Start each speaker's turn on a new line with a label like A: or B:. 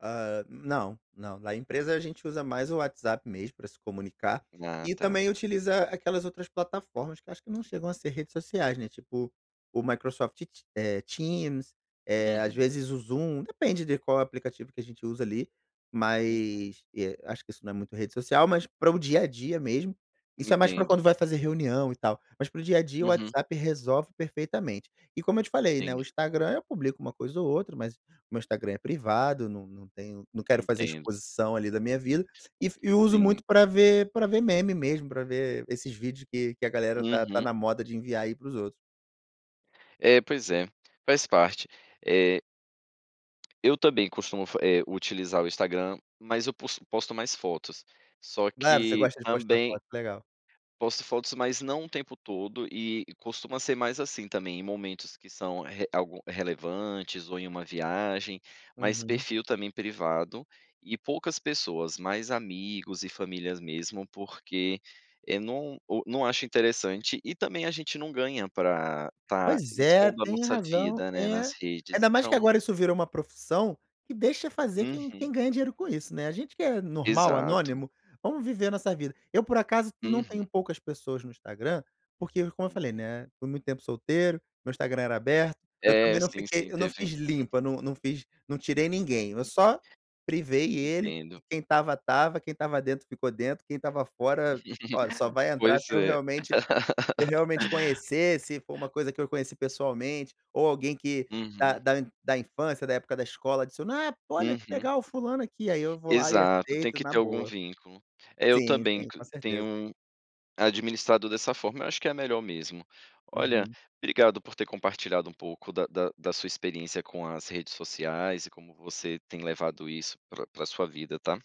A: Ah não, não, na empresa a gente usa mais o WhatsApp mesmo para se comunicar,
B: Ah,
A: e
B: tá.
A: também utiliza aquelas outras plataformas que acho que não chegam a ser redes sociais, né, tipo, o Microsoft te eh, Teams, eh, às
B: Uhum.
A: vezes o Zoom, depende de qual aplicativo que a gente usa ali,
B: Uhum.
A: mas, eh, acho que isso não é muito rede social, mas para o dia a dia mesmo, isso é mais para quando
B: Entendo.
A: vai fazer reunião e tal, mas para o dia a dia o
B: Uhum.
A: WhatsApp resolve perfeitamente. E como eu te falei, né, o
B: Entendi.
A: Instagram eu publico uma coisa ou outra mas, meu Instagram é privado, não não tenho não quero fazer
B: Entendo.
A: exposição ali da minha vida, e fa e uso
B: Sim.
A: muito para ver para ver meme mesmo, para ver esses vídeos que que a galera tá tá
B: Uhum.
A: na moda de enviar aí para os outros.
B: É, pois é, faz parte, eh eu também costumo fa eh, utilizar o Instagram, mas eu pos posto mais fotos, só
A: Claro, você
B: que
A: gosta de postar
B: também
A: foto, legal.
B: posto fotos, mas não o tempo todo e costuma ser mais, assim, também em momentos que são re algu relevantes ou em uma viagem. Mas
A: Uhum.
B: perfil também privado, e poucas pessoas, mais amigos e famílias mesmo, porque eu não o não acho interessante e também a gente não ganha para estar
A: Pois é,
B: expondo a
A: tem
B: nossa
A: razão,
B: vida, né, nas
A: é.
B: redes
A: Ainda mais que
B: então
A: agora isso virou uma profissão, que deixa fazer quem
B: Uhum.
A: quem ganhe dinheiro com isso, né. A gente que é normal,
B: Exato.
A: anônimo, vamos viver a nossa vida. Eu por acaso não tenho
B: Uhum.
A: poucas pessoas no Instagram, porque como eu falei,
B: Uhum.
A: né, foi muito tempo solteiro, meu Instagram era aberto, eu
B: É
A: também não
B: sim,
A: fiquei
B: sim,
A: eu não
B: teve
A: fiz limpa, não não fiz, não tirei ninguém, eu
B: Uhum.
A: só privei ele, e
B: Entendo.
A: quem estava estava, quem estava dentro ficou dentro, quem estava fora, olha, só vai entrar se
B: Pois
A: eu
B: é.
A: realmente se eu realmente conhecer, se for uma coisa que eu conheci pessoalmente, ou alguém que da
B: Uhum.
A: da da infância, da época da escola: "Adiciona, ah" Pô, olha que
B: Uhum.
A: legal, fulano aqui, aí eu vou lá e
B: Exato, tem
A: aceito
B: que
A: na
B: ter algum
A: boa.
B: vínculo. Eu
A: Sim,
B: também
A: sim, com certeza.
B: tenho administrado dessa forma, eu acho que é melhor mesmo. Olha,
A: Uhum.
B: obrigado por ter compartilhado um pouco da da da sua experiência com as redes sociais e como você tem levado isso pra pra sua vida, tá.